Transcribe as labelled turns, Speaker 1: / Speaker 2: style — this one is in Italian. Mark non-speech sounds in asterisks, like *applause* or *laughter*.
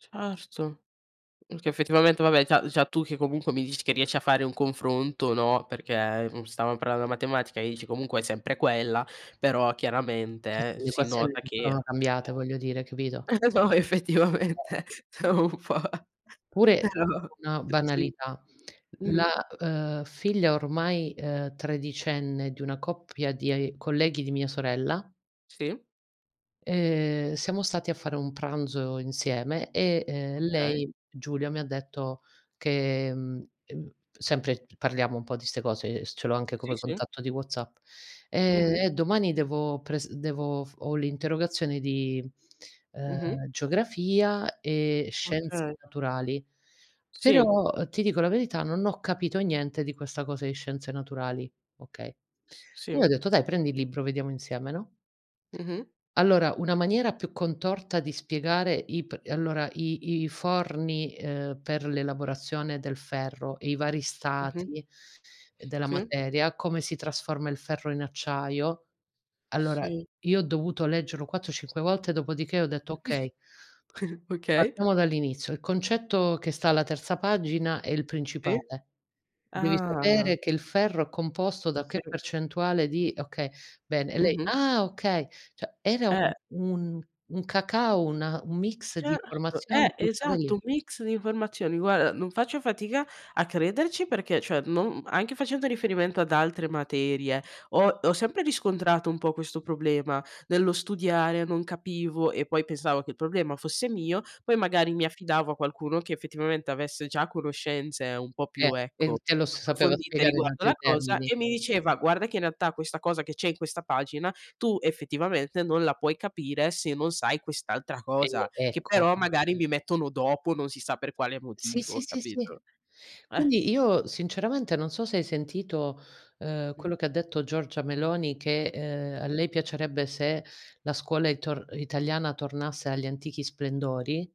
Speaker 1: Certo, perché effettivamente vabbè già già tu che comunque mi dici che riesci a fare un confronto no, perché, mhmm, stavam parlando della matematica e dici comunque è sempre quella, però
Speaker 2: Eh
Speaker 1: chiaramente
Speaker 2: sì, le
Speaker 1: si
Speaker 2: equazioni
Speaker 1: nota
Speaker 2: non
Speaker 1: che
Speaker 2: sono cambiate voglio dire, capito.
Speaker 1: eh, no
Speaker 2: *unintelligible*
Speaker 1: effettivamente è un po'
Speaker 2: Pure ti
Speaker 1: però
Speaker 2: dico una
Speaker 1: sì.
Speaker 2: banalità:
Speaker 1: Mh-mh.
Speaker 2: la, uhm, figlia ormai, uhm, tredicenne di una coppia di ai colleghi di mia sorella
Speaker 1: Sì.
Speaker 2: uhm, siamo stati a fare un pranzo insieme e, uhm,
Speaker 1: Okay.
Speaker 2: lei, Giulia, mi ha detto che mhmm, sempre parliamo un po' di ste cose, ehm, ce l'ho anche
Speaker 1: Sì,
Speaker 2: come
Speaker 1: sì.
Speaker 2: contatto di WhatsApp. "Ehm,
Speaker 1: Mh-mh.
Speaker 2: eh domani devo pres devo f ho l'interrogazione di, uhm,
Speaker 1: Mh-mh.
Speaker 2: geografia e scienz
Speaker 1: Okay.
Speaker 2: naturali.
Speaker 1: Sì.
Speaker 2: Però ti dico la verità, non ho capito niente di questa cosa di scienze naturali". Okay.
Speaker 1: S
Speaker 2: Io
Speaker 1: sì.
Speaker 2: ho detto: "Dai prendi il libro vediamo insieme". no?
Speaker 1: Mh-mh.
Speaker 2: Allora una maniera più contorta di spiegare i p allora i i i forni, uhm, per l'elaborazione del ferro e i vari
Speaker 1: Mh-mh.
Speaker 2: stati della
Speaker 1: Sì.
Speaker 2: materia, come si trasforma il ferro in acciaio. Allora
Speaker 1: Sì.
Speaker 2: io ho dovuto leggerlo 4, 5 volte dopodiché ho detto: "Okay"
Speaker 1: *chuckles* Okay.
Speaker 2: "partiamo dall'inizio. Il concetto che sta alla terza pagina è il
Speaker 1: Sì.
Speaker 2: principale. Devi
Speaker 1: Ah.
Speaker 2: sapere che il ferro è composto da che
Speaker 1: Sì.
Speaker 2: percentuale di okay bene". E lei:
Speaker 1: Mh-mh.
Speaker 2: "Ah okay". Cioè era u
Speaker 1: Eh.
Speaker 2: un un cacao, una un mix di
Speaker 1: Certo,
Speaker 2: informazioni
Speaker 1: eh,
Speaker 2: buttate
Speaker 1: esatto,
Speaker 2: lì.
Speaker 1: un mix di informazioni. Guarda, non faccio fatica a crederci perché, cioè, non, mhmm, anche facendo riferimento ad altre materie, ho ho sempre riscontrato un po' questo problema nello studiare, non capivo e poi pensavo che il problema fosse mio, poi magari mi affidavo a qualcuno che effettivamente avesse già conoscenze un po'
Speaker 2: Eh
Speaker 1: più,
Speaker 2: e
Speaker 1: ecco,
Speaker 2: te lo s sapeva
Speaker 1: approfondite
Speaker 2: spiegare in
Speaker 1: riguardo
Speaker 2: altri
Speaker 1: la cosa
Speaker 2: termini.
Speaker 1: e mi diceva: "Guarda che in realtà questa cosa che c'è in questa pagina tu effettivamente non la puoi capire se non sai quest'altra cosa",
Speaker 2: Eh
Speaker 1: che
Speaker 2: ecco.
Speaker 1: però magari mi mettono dopo, non si sa per quale
Speaker 2: Sì, sì,
Speaker 1: motivo,
Speaker 2: sì, sì.
Speaker 1: capito. Eh.
Speaker 2: Quindi io sinceramente non so se hai sentito, uhm,
Speaker 1: Mh-mh.
Speaker 2: quello che detto Giorgia Meloni che, ehm, a lei piacerebbe se la scuola itor italiana tornasse agli antichi splendori.